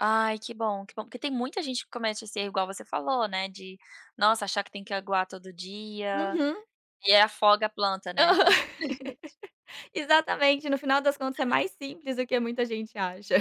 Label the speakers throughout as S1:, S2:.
S1: Ai que bom, que bom porque tem muita gente que comete esse erro igual você falou, né, de nossa achar que tem que aguar todo dia,
S2: Uhum.
S1: e aí afoga a planta, né.
S2: Aham.
S1: [unintelligible]
S2: Exatamente, no final das contas sai mais simples do que muita gente acha.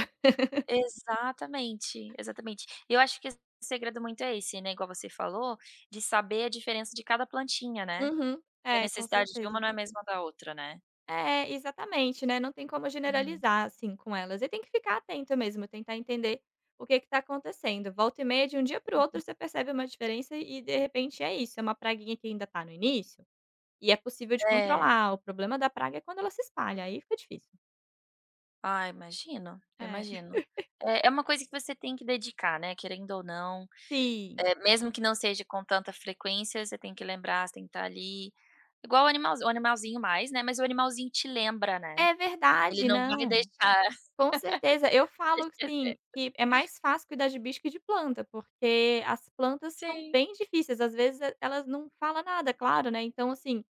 S1: Exatamente, exatamente. E eu acho que esse segredo muito é esse, né, igual você falou, de saber a diferença de cada plantinha, né,
S2: Uhum,
S1: que a
S2: é, com
S1: necessidade de uma
S2: certeza.
S1: não é a mesma da outra, né.
S2: É, exatamente, né, não tem como
S1: Aham.
S2: generalizar assim com elas, e tem que ficar atento mesmo, tentar entender o que que está acontecendo, volta e meia de um dia para o outro você percebe uma diferença e, de repente, é isso, é uma praguinha que ainda está no início, e é possível de
S1: É.
S2: controlar, o problema da praga é quando ela se espalha, aí fica difícil.
S1: Ah, imagino, eu
S2: É.
S1: imagino. É é uma coisa que você tem que dedicar, né, querendo ou não,
S2: Sim.
S1: eh, mesmo que não seja com tanta frequência você tem que lembrar você tem que estar ali, igual o animalzinho, o animalzinho mais, né, mas o animalzinho te lembra, né,
S2: É
S1: ele
S2: verdade.
S1: não vai
S2: Não,
S1: deixar
S2: com certeza, eu
S1: você
S2: falo, assim,
S1: esquecer.
S2: que é mais fácil cuidar de bicho que de planta porque as plantas são
S1: Sim.
S2: bem difíceis às vezes elas não fala nada claro, né, então assim,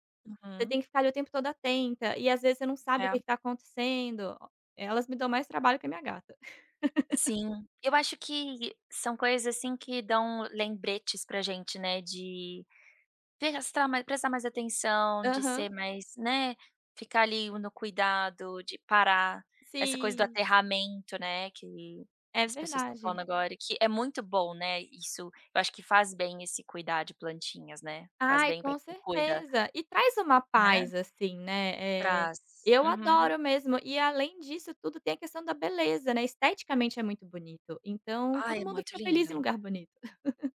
S2: você
S1: Uhum.
S2: tem que ficar ali o tempo todo atenta e às vezes você não sabe o
S1: É.
S2: que que tá acontecendo, elas me dão mais trabalho que a minha gata.
S1: Sim, eu acho que são coisas, assim, que dão lembretes para gente, né, de, ter prestar mais atenção, de
S2: Aham.
S1: ser mais, né, ficar ali no cuidado, de parar, essa coisa do
S2: Sim.
S1: aterramento, né, que
S2: É
S1: as pessoas estão falando
S2: verdade.
S1: agora que é muito bom, né, isso, eu acho que faz bem esse cuidar de plantinhas, né, faz
S2: Ai
S1: bem para
S2: com
S1: quem cuida.
S2: certeza e traz uma
S1: Né.
S2: paz assim, né, eh,
S1: Trás.
S2: eu
S1: Uhum.
S2: adoro mesmo e além disso tudo tem a questão da beleza, né, esteticamente é muito bonito então
S1: Ah,
S2: todo
S1: é
S2: mundo
S1: muito
S2: fica feliz em
S1: lindo.
S2: lugar bonito.